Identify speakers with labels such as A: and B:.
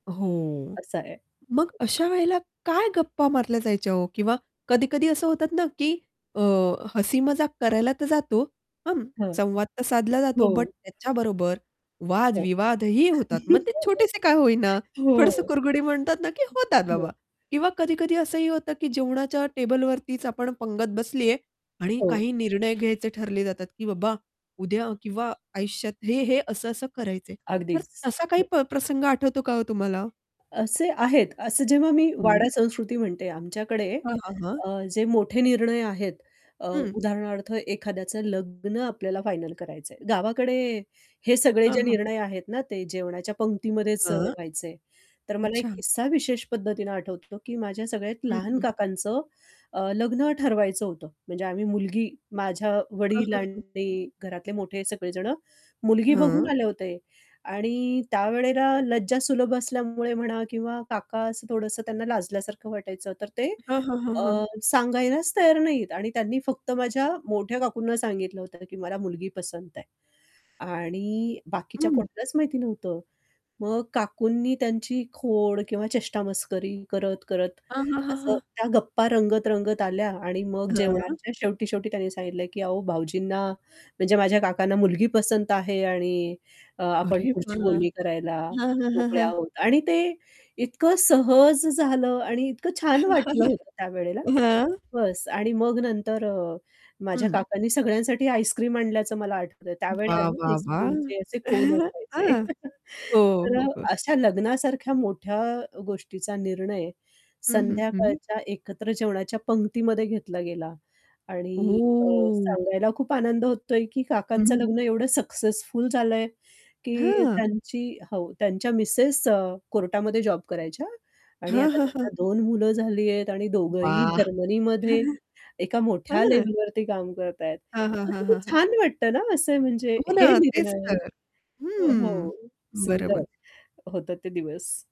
A: हो.
B: असं आहे.
A: मग अशा वेळेला काय गप्पा मारल्या जायच्या हो? किंवा कधी-कधी असं होतात ना की अ, हसी-मजाक करायला तर जातो, हं,
B: हं,
A: संवाद तर साधला जातो बट
B: हो.
A: त्याच्याबरोबर
B: हो,
A: वादविवादही होतात मग ते छोटेसे काय होईना थोडसं
B: हो.
A: कुरगुडी म्हणतात ना की होतात
B: अ,
A: बाबा
B: हो.
A: किंवा कधी-कधी असंही होतं की जेवणाच्या टेबलवरतीच आपण पंगत बसलीये आणि
B: हो.
A: काही निर्णय घ्यायचे ठरले जातात की बाबा उद्या किंवा आयुष्यात हे-हे असं-असं करायच तर
B: अगदीच,
A: तसा काही
B: हो.
A: प प्रसंग आठवतो का हो तुम्हाला?
B: असे आहेत असं जेव्हा मी
A: हं.
B: वाडा संस्कृती म्हणते आमच्याकडे
A: हां, हां, हां.
B: अ, जे मोठे निर्णय आहेत अ,
A: हं.
B: उदाहरणार्थ एखाद्याचं लग्न आपल्याला फायनल करायचंय. गावाकडे हे सगळे
A: हां,
B: जे
A: हां.
B: निर्णय आहेत ना ते जेवणाच्या पंक्तीमध्येच अ,
A: हां.
B: व्हायचे. तर मला एक
A: अच्छा.
B: किस्सा विशेष पद्धतीनं आठवतो, की माझ्या सगळ्यात
A: हं,
B: लहान
A: हं.
B: काकांचं अ, लग्न ठरवायचं होतं. म्हणजे आम्ही मुलगी माझ्या
A: हां,
B: वडील
A: हां, हां.
B: आणि घरातले मोठे सगळेजण मुलगी बघून
A: हां.
B: आले होते आणि त्यावेळेला लज्जा सुलभ असल्यामुळे म्हणा किंवा काका असं थोडंसं त्यांना लाजल्यासारखं वाटायचं तर ते
A: हां, हां, हां,
B: अ,
A: हां.
B: सांगायलाच तयार नाहीत आणि त्यांनी फक्त माझ्या मोठ्या काकूंना सांगितलं होतं, की "मला मुलगी पसंत आहे" आणि बाकीच्या
A: हं.
B: कुठलच माहिती नव्हतं. मग काकूंनी त्यांची खोड किंवा चेष्टा-मस्करी करत-करत
A: हां, हां, हां,
B: असं
A: हां.
B: त्या गप्पा रंगत-रंगत आल्या आणि मग
A: हां.
B: जेवणाच्या शेवटी-शेवटी त्यांनी सांगितलं, की "अहो भाऊजींना" म्हणजे माझ्या काकांना "मुलगी पसंत आहे. आणि अ, आपण
A: अरे
B: पुढची
A: वाह!
B: बोलणी करायला
A: हां, हां, हां,
B: मोकळे
A: हां.
B: आहोत." आणि ते इतकं सहज झालं आणि इतकं छान वाटलं होतं त्यावेळेला.
A: हां.
B: बस्स आणि मग नंतर अ, माझ्या
A: हं.
B: काकांनी सगळ्यांसाठी आईस्क्रीम आणल्याचं मला आठवतंय त्यावेळेला
A: वाह!
B: ना
A: वाह! वाह!
B: आईस्क्रीमचे असे कोन असायचे,
A: हां, हो,
B: तर अ,
A: हो, हो.
B: अशा लग्नासारख्या मोठ्या गोष्टीचा निर्णय
A: हं, हं, हं, हं.
B: संध्याकाळच्या एकत्र जेवणाच्या पंक्तीमध्ये घेतला गेला आणि अ,
A: ओह!
B: सांगायला खूप आनंद होतोय की
A: हं,
B: काकांचं
A: हं.
B: लग्न एवढं सक्सेसफुल झालंय की
A: हां.
B: त्यांची हो, त्यांच्या मिसेस अ, कोर्टामध्ये जॉब करायच्या आणि
A: हां,
B: आता
A: हां,
B: त्यांना
A: हां.
B: 2 मुलं झाली आहेत आणि दोघंही
A: वाह!
B: जर्मनीमध्ये एका मोठ्या
A: हां.
B: लेव्हलवरती काम करतायत.
A: हां, हां,
B: तर
A: हां,
B: किती
A: हां, हां.
B: छान वाटतं ना असं म्हणजे
A: हो
B: हे
A: ना, तेच
B: निर्णय आहे
A: तर.
B: अ,
A: हं,
B: हो, सुंदर
A: बरोबर.
B: होता ते दिवस.